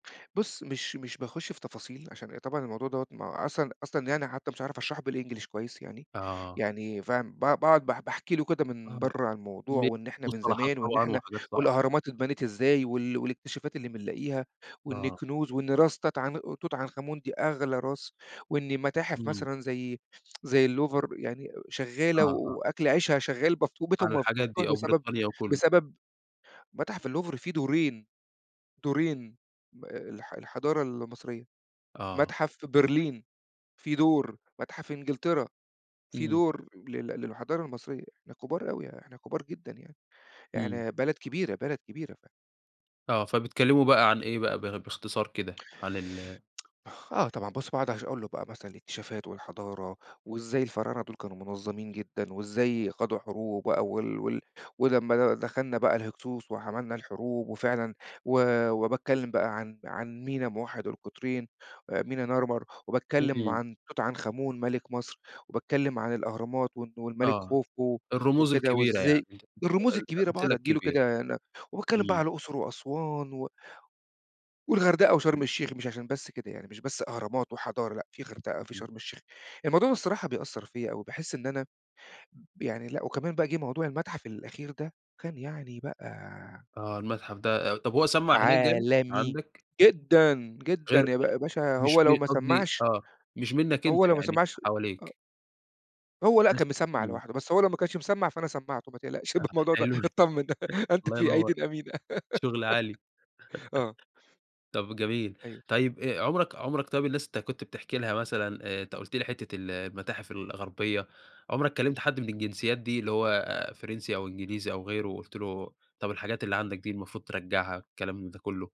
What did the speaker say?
بُص مش مش باخُش في تفاصيل، عشان أ طبعًا الموضوع دوّة ما هو أصلًا أصلًا يعني، حتى مش عارف اشرحه بالEnglish كويِّس يعني آه. يعني فاهم؟ ب ب باقعد باح باحكِ له كده من آه، برّا عن الموضوع، ب وإن إحنا من مصطلحات زمان، وإن طبعًا إحنا وحاجات صعبة. والأهرامات اتبنِت إزاي، وال والاكتشافات اللي بنلاقِيها، وإن آه. الكنوز، وإن راس تات عن توت عنخ آمون دي أغلى راس، وإن متاحف إمم. مثلًا زي زي اللوفر يعني شغالة آه، آه. وأكل عيشها شغّال مف عن وبيتهُم مف الحاجات مفتوح دي، آه، بسبب وبريطانيا وكلّه. بسبب متاحف اللوفر في دورين، دورين م آآ، الح الحضارة المصرية، آه. متحف برلين في دور، متحف إنجلترا في إمم. دور لل للحضارة المصرية، إحنا كبار أوي يا إحنا كبار جدًا، يعني إمم. إحنا بلد كبيرة بلد كبيرة ف آه، فبتكلمه بقى عن إيه بقى؟ باخ باختصار كده عن ال آه طبعًا، بُص باقعُد أش أقول له بقى مثلًا الاكتشافات، والحضارة، وإزاي الفراعنة دول كانوا منظَّمين جدًا، وإزاي خاضوا حروب بقى، وال وال ولمّا د دخلنا بقى الهكسوس وحمَلنا الحروب، وفعلًا و وباتكلَّم بقى عن عن مينا موحِّد القطرين، آآ، مينا نارمر، وباتكلَّم إمم. عن توت عنخ آمون مَلِك مصر، وباتكلَّم عن الأهرامات، وإنه والملك آه، خوفو الرموز وكده الكبيرة يعني وإزاي أنت الرموز [unintelligible] الكبيرة، باقعُد الأمثلة أدِّي له الكبير. كده نب وباتكلَّم بقى إمم. على الأقصر، وأسوان، و والغردقة وشرم إمم. الشيخ، مش عشان بس كده، يعني مش بس أهرامات وحضارة، لأ، في غردقة، في إمم. شرم الشيخ. الموضوع ده الصراحة بيأثِّر فيّا أوي، باحِس إن أنا يعني لأ، وكمان بقى جِه موضوع المتحف الأخير ده، وكان يعني بقى آه، المتحف ده، آآ، طب هو سمّع هناك جامد، عالمي عندك؟ جدًا جدًا غير يا ب يا باشا مش هو لو م ما قصدي سمّعش آه، مش منّك هو أنت لو ما يعني، سمّعش آه حواليك. هو لأ ناس كان مسمّع إمم. لوحده، بس هو لو ما كانش مسمّع، فأنا سمّعته. ما تقلقش من آه، الموضوع ده حلو، اتطمن، أنت الله في ينور، أيديٍ أمينة شغل عالي. آه. طب جميل. أيوه. طيب، آآ، عُمرك عُمرك طيب الناس أنت كنت بتحكِ لها مثلًا آآ، أنت قُلت لي حتة ال المتاحف الغربية، عُمرك كلمت حد من الجنسيات دي اللي هو آآ، فرنسي أو إنجليزي أو غيره وقُلت له طب الحاجات اللي عندك دي المفروض ترجعّها كلام من ده كلّه؟